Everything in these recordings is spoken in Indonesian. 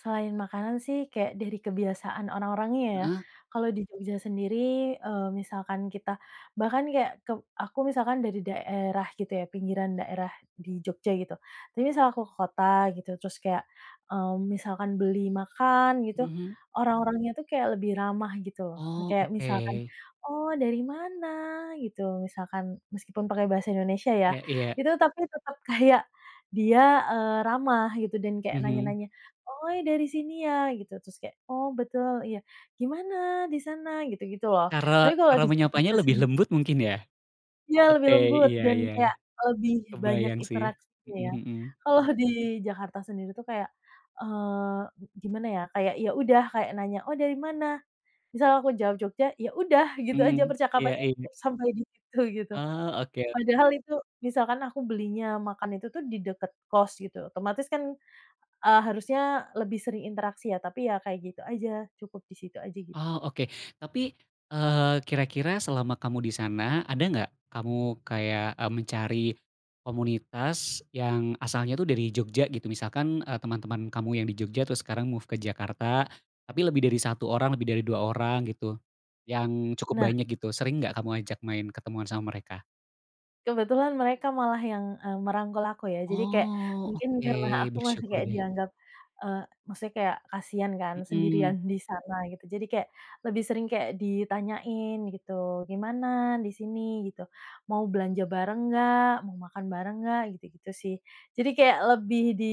Selain makanan sih kayak dari kebiasaan orang-orangnya ya. Heeh. Kalau di Jogja sendiri, eee, misalkan kita bahkan kayak keb aku misalkan dari daerah gitu ya, pinggiran daerah, di Jogja gitu. Tapi misal aku ke kota gitu, terus kayak, mmm, misalkan beli makan gitu, Mhm. orang-orangnya tuh kayak lebih ramah gitu loh. Oh, Kayak misalkan, oke. "Oh, dari mana?" Gitu, misalkan meskipun pake Bahasa Indonesia ya, Ya, iya. itu tapi tetap kayak dia, eee, ramah, gitu, dan kayak Mhm. nanya-nanya, "Oh, dari sini ya?" Gitu. Terus kayak "Oh, betul, iya. Gimana, di sana?" Gitu-gitu loh. Cara Tapi kalau cara di menyapanya Jakarta lebih sendi lembut mungkin ya, Ya, lebih oke, lembut, iya dan iya, kayak lebih banyak kebayang sih, interaksinya ya. hmm hmm. Kalau di Jakarta sendiri tuh kayak, eee, gi gimana ya, kayak ya udah, kayak nanya, "Oh, dari mana?" Misal aku jawab Jogja, ya udah, gitu aja Mmm, iya percakapannya, iya. cukup sampai di situ gitu. Oh, oke o Padahal itu, misalkan aku belinya makan itu tuh di deket kos gitu, otomatis kan, eee, harusnya lebih sering interaksi ya, tapi ya kayak gitu aja, cukup di situ aja gitu. Oh, oke, tapi, eee, kira-kira selama kamu di sana, ada nggak, kamu kayak, e mencari, komunitas yang asalnya tuh dari Jogja gitu? Misalkan, eee, teman-teman kamu yang di Jogja terus sekarang move ke Jakarta. Tapi lebih dari 1 orang, lebih dari 2 orang gitu. Yang cukup Nah banyak gitu. Sering nggak kamu ajak main ketemuan sama mereka? Kebetulan mereka malah yang, e merangkul aku ya, jadi kayak, Oh, mungkin oke, karena aku masih bersyukur kayak deh. dianggap, eee, maksudnya kayak kasian kan, Mmm. sendirian di sana gitu, jadi kayak, lebih sering kayak ditanyain gitu, "Gimana di sini?" gitu. "Mau belanja bareng nggak? Mau makan bareng nggak?" Gitu-gitu sih. Jadi kayak lebih di,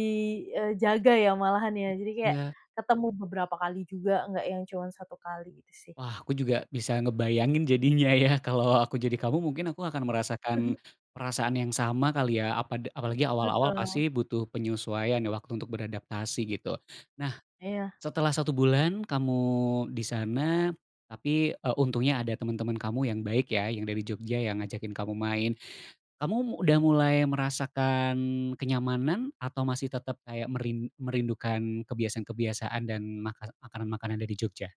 eee, jaga ya malahan ya. Jadi M kayak, ya. ketemu beberapa kali juga, nggak yang cuma 1 kali gitu sih. Wah, aku juga bisa ngebayangin jadinya ya kalau aku jadi kamu mungkin aku akan merasakan, Mhm. perasaan yang sama kali ya. Apada apalagi awal-awal Betul. pasti butuh penyesuaian, waktu untuk beradaptasi, gitu. Nah, Iya. setelah 1 bulan kamu di sana, tapi, e untungnya ada teman-teman kamu yang baik ya, yang dari Jogja yang ngajakin kamu main. Kamu mu udah mulai merasakan kenyamanan, atau masih tetap kayak merin merindukan kebiasaan-kebiasaan dan maka makanan makanan dari Jogja?